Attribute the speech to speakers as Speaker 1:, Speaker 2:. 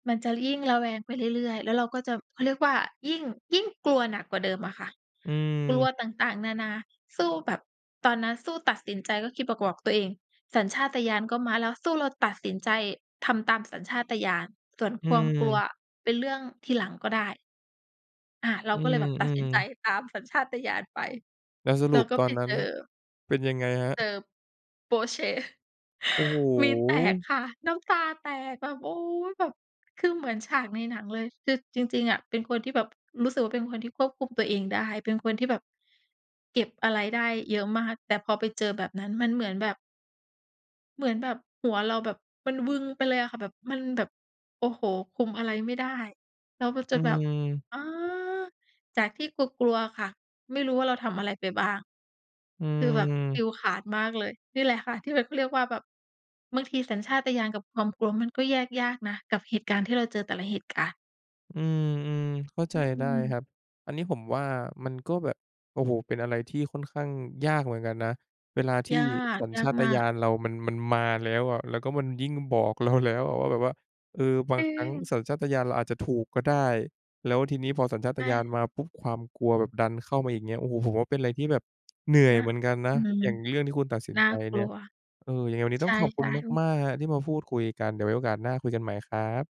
Speaker 1: มันจะยิ่ง ระแวงไปเรื่อย ๆ แล้วเราก็จะ เขาเรียกว่า ยิ่ง ยิ่งกลัวหนักกว่าเดิมอะค่ะ
Speaker 2: อื
Speaker 1: กลัว
Speaker 2: ม
Speaker 1: ต่าง ๆ นานา สู้แบบ ตอนนั้นสู้ตัดสินใจก็คิด บ กวก ตัวเอง สัญชาตญาณก็มาแล้ว สู้เราตัดสินใจทำตามสัญชาตญาณ ส่วน
Speaker 2: อื
Speaker 1: ความ กลัว
Speaker 2: ม
Speaker 1: เป็นเรื่องทีหลังก็ได้ อ่า เรา
Speaker 2: อื
Speaker 1: ก็เลยแบบตัดสิ
Speaker 2: อ
Speaker 1: นใจ
Speaker 2: ๆ
Speaker 1: ตามสัญชาตญาณไป
Speaker 2: แล้วส
Speaker 1: เ
Speaker 2: ร
Speaker 1: รา
Speaker 2: ุป
Speaker 1: ก็
Speaker 2: ตอ
Speaker 1: ไป
Speaker 2: นนั
Speaker 1: เ
Speaker 2: ้
Speaker 1: จ
Speaker 2: น
Speaker 1: อ
Speaker 2: เป็นยังไงครั
Speaker 1: เจ
Speaker 2: บ?
Speaker 1: อ โป๊ะเชะ!
Speaker 2: โอ้โฮ!
Speaker 1: วีนแตกค่ะ น้ำตาแตกแบบ โอ๊ย! แบบคือเหมือนฉากในหนังเลย คือจริง ๆ อะเป็นคนที่แบบ รู้สึกว่าเป็นคนที่ควบคุมตัวเองได้ เป็นคนที่แบบ เก็บอะไรได้เยอะมาก แต่พอไปเจอแบบนั้นมันเหมือนแบบ เหมือนแบบหัวเราแบบมันวึงไปเลยอะค่ะ แบบ มันแบบ โอ้โฮ! คุมอะไรไม่ได้ แล้วมัน
Speaker 2: อ
Speaker 1: จ
Speaker 2: ื
Speaker 1: ะแบบ
Speaker 2: ม
Speaker 1: อา จากที่กลัว ๆ ค่ะ ไม่รู้ว่าเราทำอะไรไปบ้าง
Speaker 2: อื
Speaker 1: คือแบบฟิ
Speaker 2: ม
Speaker 1: วส์ขาดมากเลย นี่แหละค่ะ ที่แบบ เขาเรียกว่าแบบ บางทีสัญชาตญาณกับความกลัวมันก็แยกยากนะ กับเหตุการณ์ที่เราเจอแต่ละเหตุการณ์
Speaker 2: อืม ๆ เข้า
Speaker 1: อ
Speaker 2: ใจ
Speaker 1: ื
Speaker 2: ได้
Speaker 1: ม
Speaker 2: ครับ อันนี้ผมว่ามันก็แบบ โอ้โฮ! เป็นอะไรที่ค่อนข้างยากเหมือนกันนะ เวลาที
Speaker 1: ย
Speaker 2: ่
Speaker 1: าก
Speaker 2: สัญ
Speaker 1: ย
Speaker 2: ช
Speaker 1: าก
Speaker 2: าต
Speaker 1: มา
Speaker 2: ญ
Speaker 1: ก
Speaker 2: าณเรามัน มันมาแล้วอะ แล้วก็มันยิ่งบอกเราแล้วอะว่าแบบว่า เออ บา
Speaker 1: จ
Speaker 2: ง
Speaker 1: ริ
Speaker 2: ครั้ง
Speaker 1: ง
Speaker 2: สัญชาตญาณเราอาจจะถูกก็ได้ แล้วทีนี้พอสัญชา
Speaker 1: ใ
Speaker 2: ต
Speaker 1: ช
Speaker 2: ญาณ
Speaker 1: ่
Speaker 2: มาปุ๊บ ความกลัวแบบดันเข้ามาอีก เงี้ย โอ้โฮ! ผมว่าเป็นอะไรที่แบบ เหนื่อย
Speaker 1: น
Speaker 2: เหมือนกันน
Speaker 1: อ
Speaker 2: ะ
Speaker 1: ืม
Speaker 2: อย่างเรื่องที่คุณตัดสิน
Speaker 1: น่า
Speaker 2: ใจ
Speaker 1: ก
Speaker 2: เนี
Speaker 1: ล
Speaker 2: ่ย
Speaker 1: ัว
Speaker 2: เออ ยังไงวันนี้
Speaker 1: ใช
Speaker 2: ต้องขอบคุ
Speaker 1: ่
Speaker 2: ณ
Speaker 1: ๆ อุ๊ย!
Speaker 2: มาก ๆ ครับ ที่มาพูดคุยกัน เดี๋ยวไว้โอกาสหน้าคุยกันใหม่ครับ